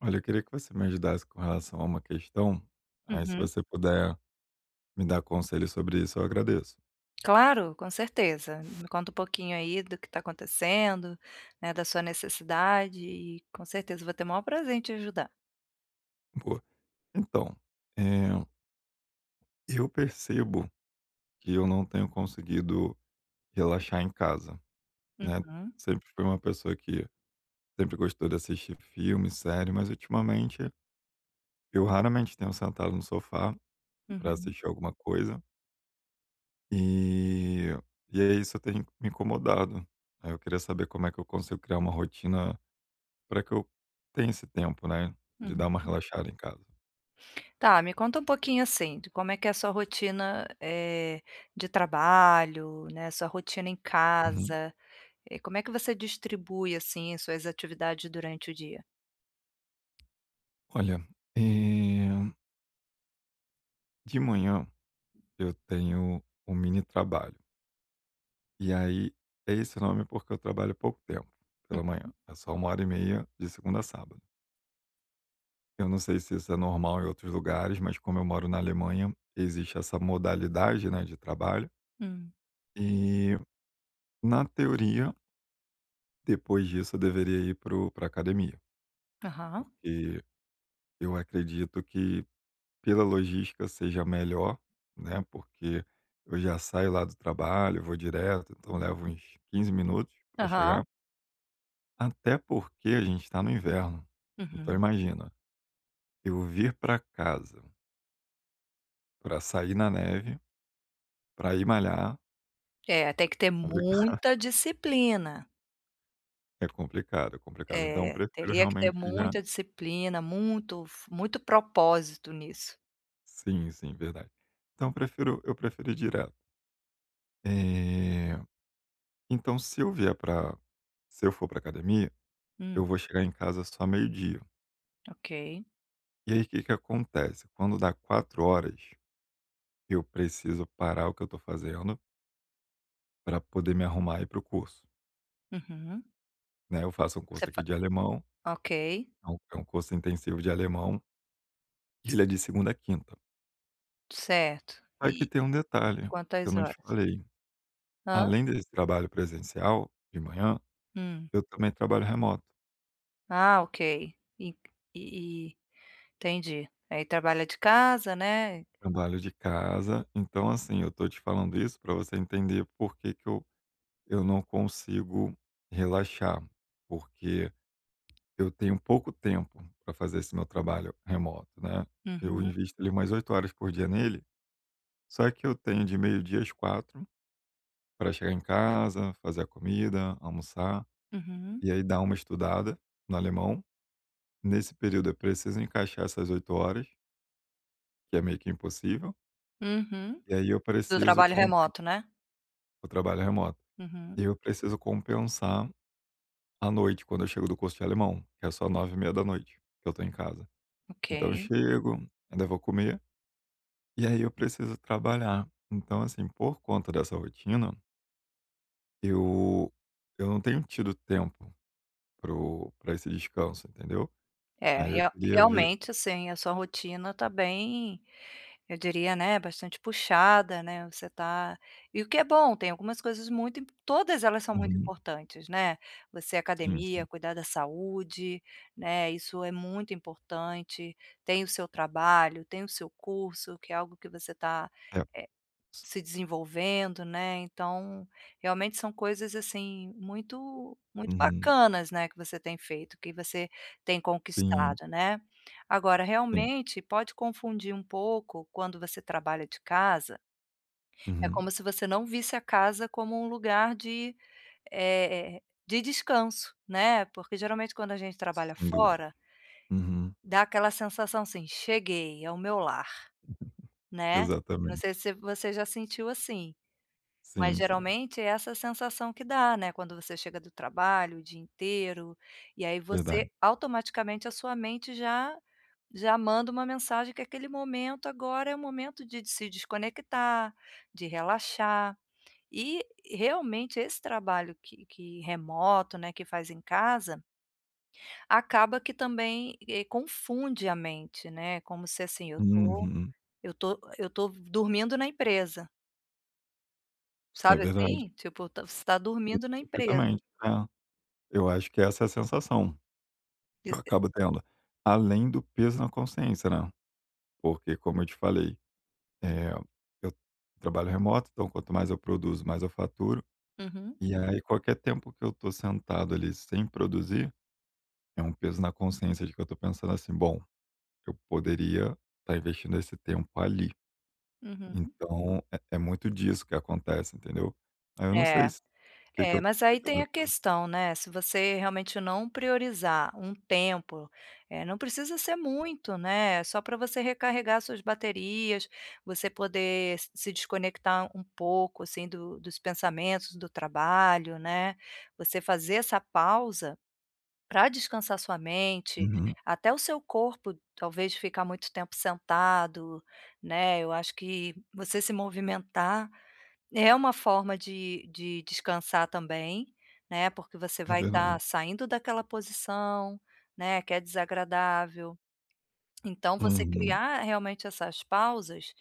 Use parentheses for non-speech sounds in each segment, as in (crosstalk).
Olha, eu queria que você me ajudasse com relação a uma questão. Aí, se Uhum. você puder me dar conselhos sobre isso, eu agradeço. Claro, com certeza, me conta um pouquinho, aí, do que tá acontecendo, né, da sua necessidade e com certeza, vou ter o maior prazer em te ajudar. Boa. Então, eh eu percebo que eu não tenho conseguido relaxar em casa, né. Aham. Sempre fui uma pessoa que sempre gostou de assistir filme, série, mas, ultimamente eu raramente tenho sentado no sofá pra Uhum. assistir alguma coisa eh, e, aí, isso tem me incomodado. Aí, eu queria saber como é que eu consigo criar uma rotina pra que eu tenha esse tempo, né, de dar uma Uhum. relaxada em casa? Tá, me conta um pouquinho, assim, de como é que é a sua rotina, eh, de trabalho, né, sua rotina em Uhum. casa, eh, como é que você distribui, assim, suas atividades durante o dia? Olha, eh de manhã eu tenho um mini trabalho. E aí, é esse nome, porque eu trabalho pouco tempo pela Uhum. manhã, é só 1 hora e meia de segunda a sábado. Eu não sei se isso é normal em outros lugares, mas como eu moro na Alemanha, existe essa modalidade, né, de trabalho. Hum. E, na teoria depois disso eu deveria ir para o pra academia, Aham. porque eu acredito que pela logística seja melhor, né, porque eu já saio lá do trabalho, vou direto, então levo uns 15 minutos pra Aham. chegar. Até porque a gente tá no inverno, então Uhum. imagina eu vir pra casa pra sair na neve pra ir malhar. É, tem que ter Complica muita disciplina. É complicado, é complicado, então É, prefiro teria que ter realmente já muita disciplina, muito f muito propósito nisso. Sim, sim, verdade. Então prefiro eu prefero ir dire Eh, então se eu vier pra se eu for pra academia, Hum. eu vou chegar em casa só meio-dia. Ok. E aí o que que acontece? Quando dá 16:00, eu preciso parar o que eu tô fazendo pra poder me arrumar e ir para o curso. Uhum. Né, eu faço um Você curso aqui fa de alemão, ok. é um é um curso intensivo de alemão e ele é de segunda a quinta. Certo. Só que E tem um detalhe que eu quantas não te horas? falei. Hã. Além desse trabalho presencial de manhã, Hum. eu também trabalho remoto. Ah, ok. E que e e entendi. Aí trabalha de casa, né. Trabalho de casa. Então assim, eu tô te falando isso pra você entender porque que eu eu não consigo relaxar, porque eu tenho pouco tempo pra fazer esse meu trabalho remoto, né, eu Uhum. invisto ali umas 8 horas por dia nele, só que eu tenho de meio-dia às 16:00 pra chegar em casa, fazer a comida, almoçar Uhum. e aí dar uma estudada no alemão. Nesse período eu preciso encaixar essas 8 horas Que é meio que impossível. Uhum. E aí eu Do preciso trabalho compen remoto, né? O trabalho remoto. Uhum. Eu preciso compensar à noite, quando eu chego do curso de alemão, que é só 21:30 que eu tô em casa. Então eu Ok. chego, ainda vou comer, e aí eu preciso trabalhar. Então, assim, por conta dessa rotina eu eu não tenho tido tempo para o pra esse descanso, entendeu? É, Aí eu real queria ver realmente, assim, a sua rotina tá bem, eu diria, né, bastante puxada, né. Você tá e o que é bom, tem algumas coisas muito im todas elas são muito Uhum. importantes, né. Você, Sim, academia, sim. cuidar da saúde, né. Isso é muito importante. Tem o seu trabalho, tem o seu curso, que é algo que você tá, É. eh, se desenvolvendo, né. Então, realmente são coisas, assim, muito, muito Uhum. bacanas, né, que você tem feito, que você tem Sim. conquistado, né. Agora, Sim. realmente pode confundir um pouco quando você trabalha de casa é Uhum. como se você não visse a casa como um lugar de eh eh, de descanso, né. Porque geralmente quando a gente trabalha Sem dúvida. fora Uhum. dá aquela sensação, assim: "Cheguei, é o meu lar.", (laughs) né. Não Exatamente. sei se você já sentiu assim, mas, Sim, sim. geralmente, é essa a sensação que dá, né, quando você chega do trabalho o dia inteiro, e aí você Verdade. automaticamente a sua mente já já manda uma mensagem que aquele momento agora é o momento de se desconectar, de relaxar. E realmente esse trabalho que que remoto, né, que faz em casa acaba que também, eh, confunde a mente, né. Como se, assim: "Eu tô Uhum. eu tô eu tô dormindo na empresa". É Sabe, verdade. assim, tipo, t você tá dormindo na empresa. Perfeitamente, é. Eu acho que essa é a sensação que Eh eu eh acabo tendo, além do peso na consciência, né, porque como eu te falei, eh, eu trabalho remoto, então quanto mais eu produzo, mais eu faturo Uhum. e aí qualquer tempo que eu tô sentado ali, sem produzir, é um peso na consciência de que eu tô pensando assim: "Bom, eu poderia tá investindo esse tempo ali", Uhum. então é é muito disso que acontece, entendeu. Aí, eu não sei É. se o que que É, eu mas aí que que eu tem a devo fazer. questão, né, se você realmente não priorizar um tempo, eh, não precisa ser muito, né, só pra você recarregar suas baterias, você poder s se desconectar um pouco, assim, do dos pensamentos, do trabalho, né, você fazer essa pausa pra descansar sua mente, Uhum. até o seu corpo, talvez ficar muito tempo sentado, né, eu acho que você se movimentar é uma forma de de descansar também, né, porque você É vai tá verdade. saindo daquela posição, né, que é desagradável, então você Uhum. criar, realmente, essas pausas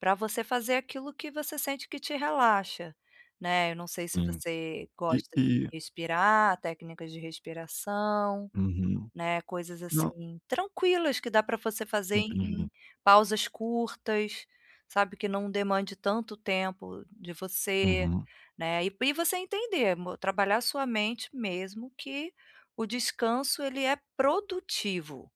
pra você fazer aquilo que você sente que te relaxa, né, eu não sei se Sim. você E gosta de e respirar, técnicas de respiração, Uhum. né, coisas Não assim tranquilas que dá pra você fazer em Entendi. pausas curtas, sabe, que não demande tanto tempo de você, Uhum. né, e e você entender, mo trabalhar sua mente mesmo que o descanso, ele é produtivo.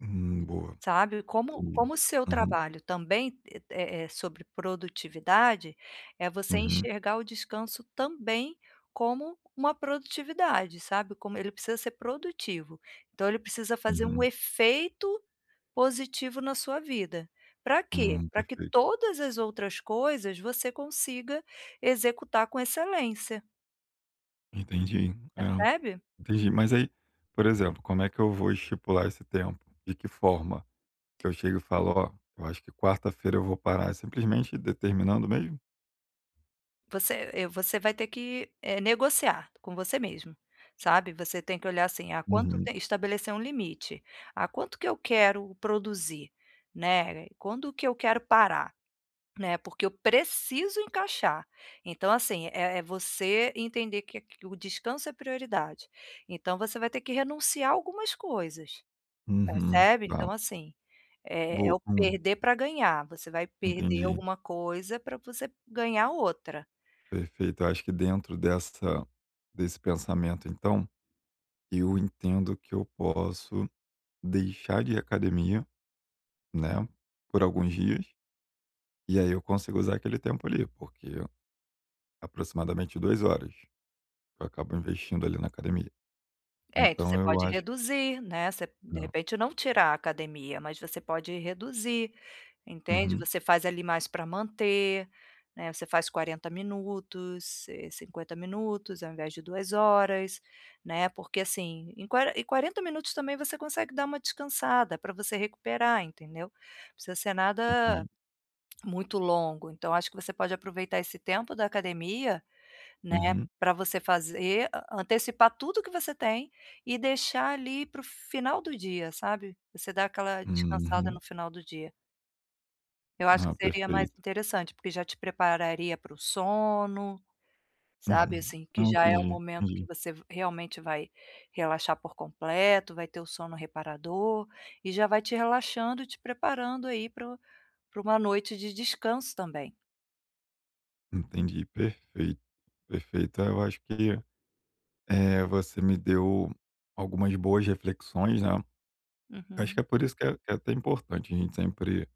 Uhum, boa, Sabe, como entendi, como o seu uhum. trabalho também, é é sobre produtividade, é você Uhum. enxergar o descanso também como uma produtividade, sabe. Como ele precisa ser produtivo, então ele precisa fazer um Uhum. efeito positivo na sua vida. Pra quê? Hum, Pra que perfeito. todas as outras coisas você consiga executar com excelência. Entendi, é, Percebe? entendi. Mas, aí, por exemplo, como é que eu vou estipular esse tempo? De que forma? Eu chego e falo: "Ó, eu acho que quarta-feira eu vou parar", simplesmente, determinando mesmo? Você, eh, você vai ter que, eh, negociar com você mesmo, sabe. Você tem que olhar, assim: ah, quanto Uhum. te estabelecer um limite: "Ah, quanto que eu quero produzir, né? Quando que eu quero parar, né? Porque eu preciso encaixar". Então, assim, é é você entender que a o descanso é prioridade. Então, você vai ter que renunciar algumas coisas, Uhum, percebe? tá. Então, assim, é é o Bo hum. perder pra ganhar: você vai perder Entendi. alguma coisa pra você ganhar outra. Perfeito. Acho que dentro dessa desse pensamento, então eu entendo que eu posso deixar de ir à academia, né, por alguns dias, e, aí, eu consigo usar aquele tempo, ali, porque aproximadamente 2 horas eu acabo investindo, ali, na academia. É, então Então, você eu pode acho reduzir, né. Você de É. repente, não tirar a academia, mas você pode reduzir, entende. Uhum. Você faz, ali, mais pra manter, né, você faz 40 minutos, eh, 50 minutos ao invés de 2 horas, né. Porque, assim, em qua em 40 minutos, também, você consegue dar uma descansada pra você recuperar, entendeu. Precisa ser nada Entendi. muito longo. Então, acho que você pode aproveitar esse tempo da academia, né, Uhum. pra você fazer antecipar tudo que você tem e deixar, ali, para o final do dia, sabe, você dá aquela descansada Uhum. no final do dia. Eu acho que Ah, seria mais perfeito. interessante, porque já te prepararia para o sono, sabe. Uhum, Assim, que não, já é o entendi, momento que entendi. você, realmente, vai relaxar por completo, vai ter o sono reparador e já vai te relaxando e te preparando, aí, para o para uma noite de descanso também. Entendi, perfeito, perfeito. Então eu acho que, eh, você me deu algumas boas reflexões, né, acho que é Uhum. por isso que é que é até importante a gente sempre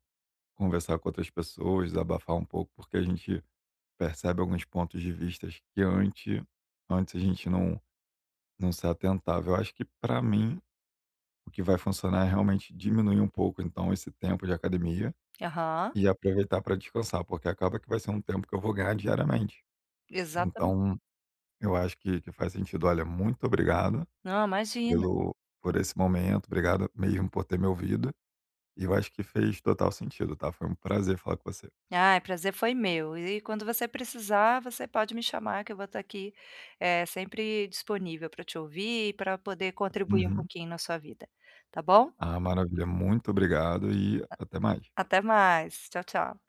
conversar com outras pessoas, desabafar um pouco, porque a gente percebe alguns pontos de vistas que ante antes a gente não não se atentava. Eu acho que, pra mim, o que vai funcionar é, realmente, diminuir um pouco, então, esse tempo de academia Aham. e aproveitar pra descansar, porque acaba que vai ser um tempo que eu vou ganhar diariamente. Exatame Então, eu acho que que faz sentido. Olha, muito obrigado Não, imagina. pelo por esse momento, obrigado mesmo por ter me ouvido, e eu acho que fez total sentido, tá. Foi um prazer falar com você. Ai, o prazer foi meu e quando você precisar, você pode me chamar que eu vou tá aqui, eh, sempre disponível pra te ouvir e pra poder contribuir um Uhum. pouquinho na sua vida, tá bom? Ah, maravilha, muito obrigado e A até mais. até mais, tchau, tchau.